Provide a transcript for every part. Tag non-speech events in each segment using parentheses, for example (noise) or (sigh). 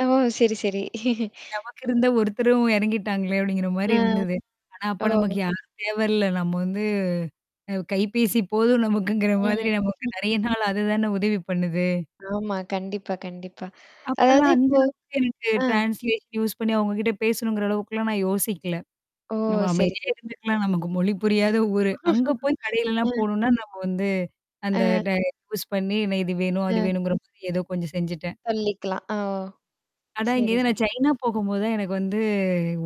ஓ! சரி, சரி. (chuckles) "நமக்கு இருந்த ஒருத்தரும் எறங்கிட்டாங்களே!" அப்படிங்கிற அ. மாரி இருந்தது. ஆனா அப்ப நமக்கு ஓ. யாருமே வரல. நம்ம வந்து அ கைபேசி போதும் நமக்குங்கிற மாதிரி ம். நமக்கு (chuckles) நெறைய நாள் அது தான உதவி பண்ணுது. ஆமா. கண்டிப்பா, கண்டிப்பா. அதாவது அப்பல்லாம் அந்த இப்போ அளவுக்கு எனக்கு அ. ட்ரான்ஸ்லேஷன் யூஸ் பண்ணி அவங்ககிட்ட பேசணுங்கிற அளவுக்கல்லாம் நான் யோசிக்கல. ஓ! நம்ம சரி, அமைதியா சரி. இருந்துக்கலாம். நமக்கு மொழி புரியாத ஊரு. அங்க (laughs) போய் அ. கடையிலலாம் போணும்ன்னா நம்ம வந்து, அந்த அ. ட யூஸ் பண்ணி என்ன இது வேணும், அது அ. வேணும்ங்கிற மாரி ஏதோ கொஞ்சம் செஞ்சுட்டேன். சொல்லிக்கலாம். அ. ஓ. ஆனா சரி, இங்கேருந்து நான் சரி. சைனா போகும்போது தான் எனக்கு வந்து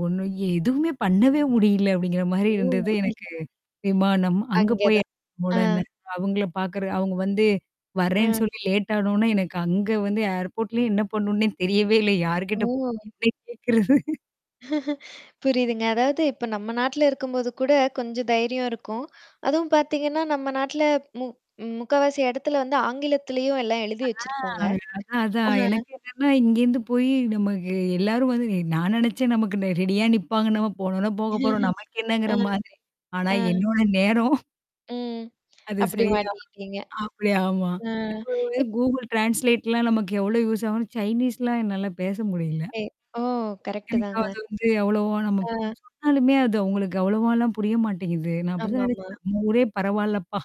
ஒண்ணும், "எதுவுமே பண்ணவே முடியல." அப்படிங்கிற மாரி ஓ. இருந்தது (unintelligible) எனக்கு விமானம். அங்க போயி அங்கதான். அ. உடன அவுங்கள பார்க்கறது அவுங்க வந்து வரேன்னு அ. சொல்லி லேட் ஆன ஒன்ன, எனக்கு அங்க வந்து ஏர்போர்ட்லயே என்ன பண்ணனுன்னே தெரியவே இல்ல. யார்கிட்ட ஓ. போய் என்ன கேட்கறது. (laughs) புரியுதுங்க. அதாவது இப்ப நம்ம நாட்ல இருக்கும்போது கூட கொஞ்சம் தைரியம் இருக்கும். அதுவும் பார்த்தீங்கன்னா, நம்ம நாட்ல மு முக்கவாசி இடத்துல வந்து ஆங்கிலத்திலயும் எல்லாம் எழுதி ஆ வச்சிருப்பாங்க. அதான், அதான். அஹ. எனக்கு என்னன்னா இங்கேருந்து போயி நமக்கு எல்லாரும் வந்து எ நான் நெனச்சேன் நமக்கு நே ரெடியா நிப்பாங்க. நம்ம போனோன்ன போக போறோம். (chuckles) நமக்கு அ. என்னங்கிற மாதிரி. ஆனா ம். என்னோட நேரம் ம். அது அப்படி சரியா மாட்டிக்கிட்டீங்க. அப்படி ஆமா. அ நம்ம இப் (unintelligible) கூகுள் ட்ரான்ஸ்லேட்லாம் நமக்கு எவ்வளோ யூஸ் ஆகும்ன்னு சைனீஸ்லாம் என்னால பேச முடியல. எ ஓ! கரெக்ட்டு எனக்கு தாங்க. அது வந்து அவ்வளவா நம்ம அ. சொன்னாலுமே அது அவங்களுக்கு அவ்வளவாலாம் புரிய மாட்டேங்குது. நான் அப்பதான் ஆமாமா. நெனச்சேன் நம்ம ஊரே பரவால்லப்பா.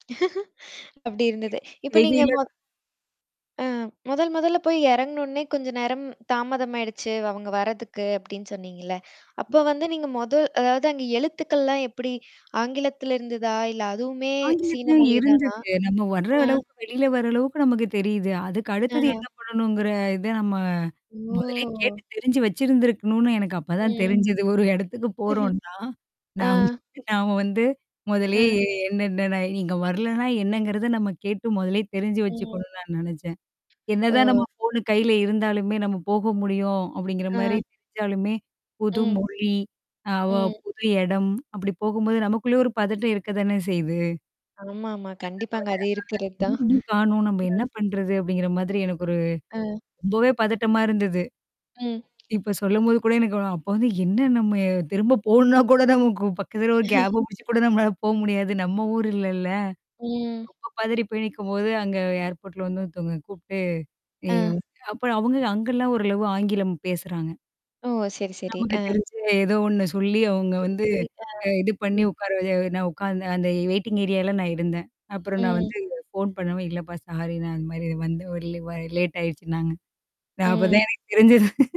(laughs) அப்படி (unintelligible) இருந்தது. இப்ப நீங்க வெளில ம அ மொதல் மொதல்ல போய் எறங்குனோன்னே, "கொஞ்ச நேரம் தாமதமாயிடுச்சு அவுங்க வரதுக்கு." அப்படின்னு சொன்னீங்கல்ல. அப்ப வந்து நீங்க மொதல் அதாவது அங்க எழுத்துக்கள்லாம் எப்படி ஆங்கிலத்துல இருந்ததா? இல்ல அதுவுமே சீன ஆங்கிலத்திலயும் மொழி தானா? இருந்தது. நம்ம வர்ற அ. அளவுக்கு வெளியில வர அளவுக்கு நமக்கு தெரியுது. அதுக்கு அடுத்தது அ. என்ன பண்ணணுங்கிற இத நம்ம முதல்லே ஓ. கேட்டு தெரிஞ்சு வச்சிருந்திருக்கணும்ன்னு எனக்கு அப்பதான் ம். தெரிஞ்சது. ஒரு இடத்துக்கு (chuckles) போறோம்ன்னா, நாம் அ. நாம வந்து முதல்லயே அ. எ என்னன்ன, நா நீங்க வரலன்னா என்னங்கிறத நம்ம கேட்டு மொதல்லே தெரிஞ்சு ம். வச்சுக்கணும்ன்னு நான் நெனச்சேன். ஓ. என்னதான் நம்ம ஃபோனு கையில இருந்தாலுமே, நம்ம போக முடியும் அப்படிங்கிற மாரி அ. தெரிஞ்சாலுமே, ம். புதுமொழி, ஆவா ம். புது இடம் அப்படி போகும்போது நமக்குள்ள ஒரு பதட்டம் இருக்க தான செய்யுது. ஆமாமா. கண்டிப்பாங்க. அது இருக்கிறது (unintelligible) "என்ன தான். இன்னும் காணோம்? நம்ப அ. என்ன பண்றது?" அப்படிங்கிற மாதிரி எனக்கு ஒரு அ. ரொம்பவே பதட்டமா இருந்தது. ம். இப்ப சொல்லும்போது கூட எனக்கு (unintelligible) அப்ப வந்து என்ன நம்ம திரும்ப போணும்ன்னா கூட நமக்கு பக்கத்துல ஒரு கேப (chuckles) புடிச்சு கூட நம்மளால போக முடியாது. நம்ம ஊர் இல்லல்ல. ம். ரொம்ப பதரி போய் நிக்கும்போது, அங்க ஏர்போர்ட்ல வந்து ஒருத்தவங்க கூப்புட்டு ஏய் அ. (unintelligible) அப்ப அவங்க அங்கல்லாம் ஓரளவு ஆங்கிலம் பேசுறாங்க. ஓ! சரி, சரி. நமக்கு அ. தெரிஞ்ச ஏதோ ஒண்ணு சொல்லி அவுங்க சரி, வந்து, சரி. அ. அ இது பண்ணி ம். உட்கார வ நான் உட்காந்தேன். அந்த வெயிட்டிங் ஏரியால்ல நான் இருந்தேன். அப்புறம் நான் ம். வந்து ஃபோன் பண்ணுவும், இல்லப்பா சாரி நான் இந்த மாரி வந்த வழில வ லேட் ஆயடுச்சுன்னாங்க. நான் அப்ப ம். தான் எனக்கு தெரிஞ்சது